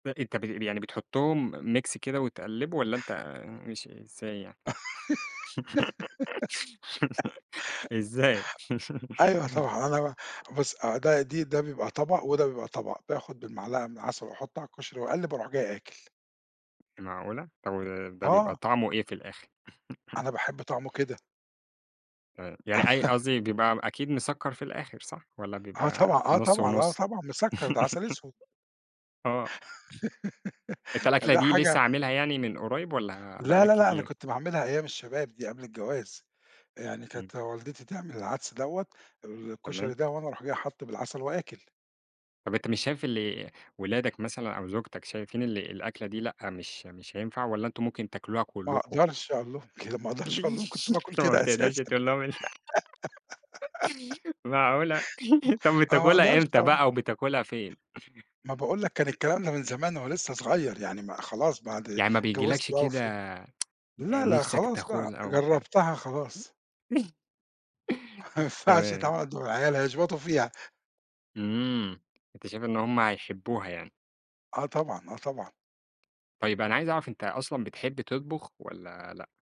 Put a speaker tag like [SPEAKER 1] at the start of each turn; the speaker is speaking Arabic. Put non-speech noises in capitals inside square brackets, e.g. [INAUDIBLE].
[SPEAKER 1] ب أنت ب يعني بتحطهم mix كده وتِقَلِّبُه والّا أنت ماشي إزاي يعني؟
[SPEAKER 2] [GIGGLES]
[SPEAKER 1] [GIGGLES] إزاي؟
[SPEAKER 2] أيوه
[SPEAKER 1] [CHUCKLES]
[SPEAKER 2] طبعًا أنا ب بُص آآ ده دي ده بيبقى طبق وده بيبقى طبق باخد بالمعلقة من العسل وأحُط على الكشري وأَقَلِّب وأروح جاي آكِل.
[SPEAKER 1] معقولة! طَب وده بيبقى
[SPEAKER 2] آه.
[SPEAKER 1] طعمه إيه في الآخر؟ [CHUCKLES]
[SPEAKER 2] أنا باحب طَعمُه كده.
[SPEAKER 1] آآ يعني أي
[SPEAKER 2] [LAUGHS]
[SPEAKER 1] قصدي بيبقى أكيد مسكَّر في الآخر صح؟ والّا
[SPEAKER 2] آه
[SPEAKER 1] بيبقى
[SPEAKER 2] طبعًا آه
[SPEAKER 1] نُص
[SPEAKER 2] طبعًا آه
[SPEAKER 1] ونُص؟
[SPEAKER 2] طبعًا مِسكَّر ده
[SPEAKER 1] [CHUCKLES]
[SPEAKER 2] عسل اسود.
[SPEAKER 1] آه.
[SPEAKER 2] [LAUGHS]
[SPEAKER 1] أنت الأكلة
[SPEAKER 2] فده
[SPEAKER 1] دي
[SPEAKER 2] حاجة
[SPEAKER 1] لسه عاملها يعني من قريب والّا بَقى
[SPEAKER 2] لا
[SPEAKER 1] لك
[SPEAKER 2] لا لأ أنا
[SPEAKER 1] كتير؟
[SPEAKER 2] كنت باعملها أيام الشباب دي قبل الجواز، يعني
[SPEAKER 1] إمم.
[SPEAKER 2] كانت والدتي تعمل العدس دوّة الكشري
[SPEAKER 1] تمام.
[SPEAKER 2] ده وأنا أروح جاي حاطه بالعسل وآكِل.
[SPEAKER 1] طَب أنت مش شايف اللي ولادك مثلًا أو زوجتك شايفين اللي الأكلة دي لأ مش مش هينفع والّا أنتم ممكن تاكلوها
[SPEAKER 2] ما
[SPEAKER 1] كلكم؟
[SPEAKER 2] أقدرش أقول لهم كده ما أقدرش أقول لهم كنت
[SPEAKER 1] [CHUCKLES]
[SPEAKER 2] باكل
[SPEAKER 1] فما
[SPEAKER 2] كده
[SPEAKER 1] بتقدرش
[SPEAKER 2] أساسًا.
[SPEAKER 1] تقول لهم أنت
[SPEAKER 2] [GIGGLES]
[SPEAKER 1] [CHUCKLES] معقولة! [CHUCKLES] طَب
[SPEAKER 2] أنا ما
[SPEAKER 1] بتاكلها
[SPEAKER 2] أقدرش
[SPEAKER 1] إمتى
[SPEAKER 2] طبعًا.
[SPEAKER 1] بَقى وبتاكلها فين؟
[SPEAKER 2] ما باقول لك كان الكلام ده من زمان وأنا لسه صغير يعني ما خلاص بعد
[SPEAKER 1] يعني ما
[SPEAKER 2] اتجوزت
[SPEAKER 1] بيجيلكش
[SPEAKER 2] بَقى و
[SPEAKER 1] كده
[SPEAKER 2] فهمت لا لأ
[SPEAKER 1] نِفْسَك
[SPEAKER 2] خلاص
[SPEAKER 1] تاكل
[SPEAKER 2] بَقى
[SPEAKER 1] أو بت
[SPEAKER 2] جربتها خلاص.
[SPEAKER 1] [CHUCKLES]
[SPEAKER 2] ما ينفعش
[SPEAKER 1] تمام.
[SPEAKER 2] يتعمل قدّام العيال هيشبطوا فيها.
[SPEAKER 1] إمم أنت شايف إن هُم هيحبوها يعني؟
[SPEAKER 2] آه طبعًا آه طبعًا.
[SPEAKER 1] طيب أنا عايز أعرف أنت أصلًا بتحب تطبخ والّا لأ؟